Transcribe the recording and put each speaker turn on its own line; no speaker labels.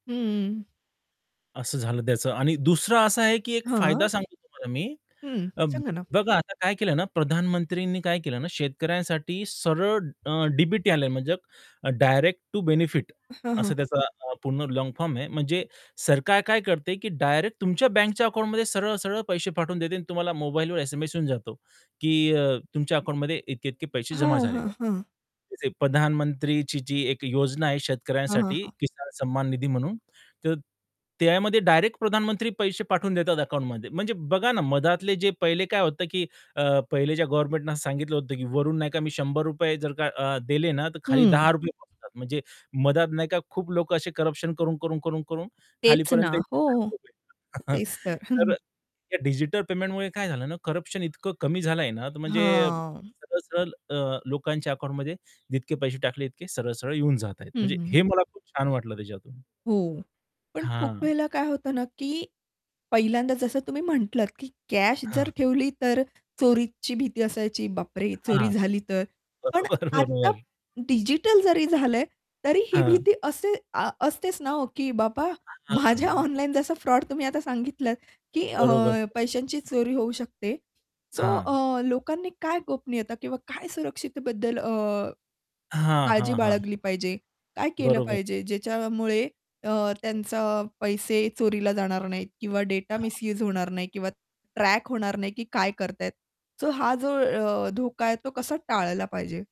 हं.
असं झालं त्याचं आणि दुसरं असं आहे की एक फायदा
हां.
सांगतो तुम्हाला मी,
हं,
अ,
सांगा ना.
बघा आता काय केलं ना, प्रधानमंत्रींनी काय केलं ना, शेतकऱ्यांसाठी सरळ अ, डी-बी-टी आले म्हणजे डायरेक्ट टू बेनिफिट
अ, हां, हां.
असं त्याचा पूर्ण लाँग फॉर्म आहे. म्हणजे सरकार काय करते की डायरेक्ट तुमच्या बँकच्या अकाउंटमध्ये सरळ-सरळ पैसे पाठवून देते आणि तुम्हाला मोबाईलवर एस-एम-एस येऊन जातो, की अ, तुमच्या अकाउंटमध्ये इतके-इतके पैसे जमा
हां,
झालेले
हां,
आहेत.
हां.
जसे प्रधानमंत्रीची जी एक योजना आहे,
हं, हं,
शेतकऱ्यांसाठी
हं.
किसान सम्मान निधी म्हणून, तर त्यामध्ये डायरेक्ट प्रधानमंत्री पैसे पाठवून देतात अकाउंटमध्ये. म्हणजे बघा ना मधातले जे पहिले काय होतं की अ, पहिले ज्या गव्हर्नमेंटने असं सांगितलं होतं, की वरून नाही का मी ₹100 जर का अ, दिले ना तर खाली
हं.
₹10 पोहोचतात. म्हणजे मध्ये नाही का खूप लोकं असे करप्शन करून-करून, करून-करून
तेच ना,
खालीपर्यंत
हो, हो.
[unintelligible]
तेच तर.
तर अ, या डिजिटल पेमेंटमुळे काय झालं ना, करप्शन इतकं कमी झालंय ना, तर म्हणजे
हां.
सरळ-सरळ अ, लोकांच्या अकाउंटमध्ये जितके पैसे टाकले इतके सरळ-सरळ येऊन जातायत.
हं,
म्हणजे
हं, हं,
हे
हं.
मला खूप छान वाटलं त्याच्यातून.
हो. पण खूप
हां.
वेळेला काय होतं ना, की पहिल्यांदा जसं तुम्ही म्हटलात, की कॅश जर
हां.
ठेवली तर चोरीची भीती असायची, "बापरे! चोरी
हां.
झाली तर?" पण
बरोबर,
आता
बरोबर.
डिजिटल जरी झालंय, तरी ही
हां.
भीती असे अ, असतेच ना हो, की बाबा
हां,
माझ्या
हां.
ऑनलाईन जसा फ्रॉड तुम्ही आता सांगितलंत की अ,
बरोबर, [unintelligible]
पैशांची चोरी होऊ शकते, सो
हां.
अ, लोकांनी काय गोपनीयता किंवा काय सुरक्षितेबद्दल अ,
हां,
काळजी
हां, हां.
बाळगली पाहिजे? काय
[unintelligible]
केलं
बरोबर.
पाहिजे ज्याच्यामुळे अ, त्यांचा पैसे चोरीला जाणार नाहीत किंवा डेटा
हां.
मिस्यूज होणार नाही किंवा ट्रॅक होणार नाही, की काय करत आहेत. तर हा जो अ, धोका आहे तो कसा टाळला पाहिजे?